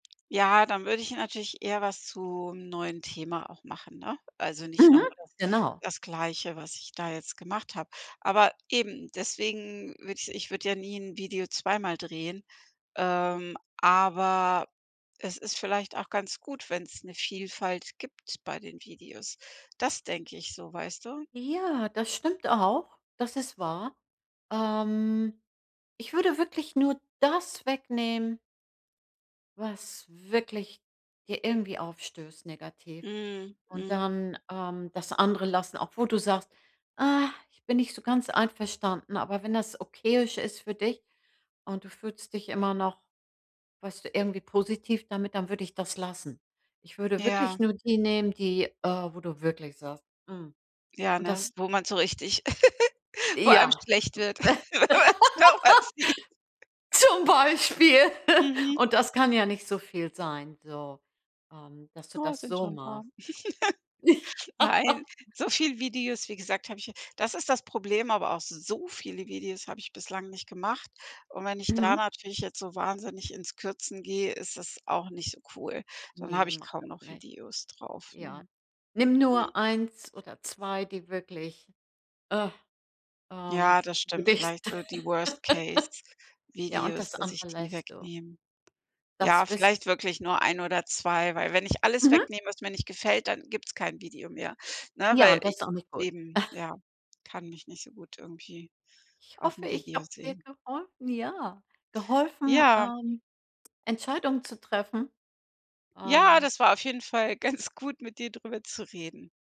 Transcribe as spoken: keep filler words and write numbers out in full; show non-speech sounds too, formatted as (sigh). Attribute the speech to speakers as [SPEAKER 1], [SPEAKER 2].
[SPEAKER 1] Ja, dann würde ich natürlich eher was zum neuen Thema auch machen, ne? Also, nicht noch
[SPEAKER 2] Mhm.
[SPEAKER 1] mal das
[SPEAKER 2] Genau.
[SPEAKER 1] das Gleiche, was ich da jetzt gemacht habe. Aber eben, deswegen würde ich Ich würde ja nie Video zweimal drehen, ähm, aber es ist vielleicht auch ganz gut, wenn's 'ne Vielfalt gibt bei den Videos. Das denke ich so, weißt du?
[SPEAKER 2] Ja, das stimmt auch. Das ist wahr. Ähm, ich würde wirklich nur das wegnehmen was wirklich dir irgendwie aufstößt negativ.
[SPEAKER 1] Mhm,
[SPEAKER 2] Und
[SPEAKER 1] mhm.
[SPEAKER 2] dann, ähm, das andere lassen, obwohl du sagst: „Ah, ich bin nicht so ganz einverstanden.“ Aber wenn das okayisch ist für dich und du fühlst dich immer noch, weißt du, irgendwie positiv damit, dann würde ich das lassen. Ich würde wirklich
[SPEAKER 1] Ja.
[SPEAKER 2] nur die nehmen, die, äh, wo du wirklich sagst: „Hm.“
[SPEAKER 1] Ja,
[SPEAKER 2] Und
[SPEAKER 1] ne?
[SPEAKER 2] das
[SPEAKER 1] Wo man so richtig (giggles) Wo einem
[SPEAKER 2] Ja.
[SPEAKER 1] schlecht wird,
[SPEAKER 2] (laughs)
[SPEAKER 1] wenn man's (unintelligible) sieht.
[SPEAKER 2] Zum Beispiel, (laughs)
[SPEAKER 1] Mhm.
[SPEAKER 2] und das kann ja nicht so viel sein, so, ähm, dass du
[SPEAKER 1] Oh, es
[SPEAKER 2] das
[SPEAKER 1] sind
[SPEAKER 2] so
[SPEAKER 1] schon 'n paar.
[SPEAKER 2] machst.
[SPEAKER 1] (laughs) Nein,
[SPEAKER 2] Ja.
[SPEAKER 1] so viele Videos, wie gesagt, habe ich hier Das ist das Problem, aber auch so viele Videos habe ich bislang nicht gemacht. Und wenn ich da
[SPEAKER 2] Mhm.
[SPEAKER 1] natürlich jetzt so wahnsinnig ins Kürzen gehe, ist das auch nicht so cool. Dann habe
[SPEAKER 2] Ne,
[SPEAKER 1] ich
[SPEAKER 2] mach
[SPEAKER 1] kaum
[SPEAKER 2] das
[SPEAKER 1] noch
[SPEAKER 2] nicht.
[SPEAKER 1] Videos drauf,
[SPEAKER 2] Ja.
[SPEAKER 1] ne?
[SPEAKER 2] Nimm
[SPEAKER 1] Mhm.
[SPEAKER 2] nur eins oder zwei, die wirklich, ah, ähm,
[SPEAKER 1] Ja, das stimmt
[SPEAKER 2] dich
[SPEAKER 1] vielleicht so die worst case
[SPEAKER 2] (laughs) Ja, und
[SPEAKER 1] Videos,
[SPEAKER 2] das
[SPEAKER 1] dass ich
[SPEAKER 2] andere
[SPEAKER 1] die
[SPEAKER 2] lässt du.
[SPEAKER 1] wegnehme. Ja,
[SPEAKER 2] Das wissen
[SPEAKER 1] vielleicht wirklich nur ein oder zwei, weil wenn ich alles
[SPEAKER 2] Mhm.
[SPEAKER 1] wegnehme, was mir nicht gefällt, dann gibt's kein Video mehr, ne,
[SPEAKER 2] Ja,
[SPEAKER 1] weil
[SPEAKER 2] und das
[SPEAKER 1] ich
[SPEAKER 2] ist auch nicht gut.
[SPEAKER 1] eben, ja. Kann mich nicht so gut irgendwie
[SPEAKER 2] Ich hoffe,
[SPEAKER 1] auf'm
[SPEAKER 2] ich
[SPEAKER 1] Video
[SPEAKER 2] habe dir
[SPEAKER 1] sehen.
[SPEAKER 2] geholfen, ja. Geholfen,
[SPEAKER 1] Ja.
[SPEAKER 2] ähm, Entscheidungen zu treffen.
[SPEAKER 1] Ja,
[SPEAKER 2] Ähm
[SPEAKER 1] das war auf jeden Fall ganz gut, mit dir drüber zu reden.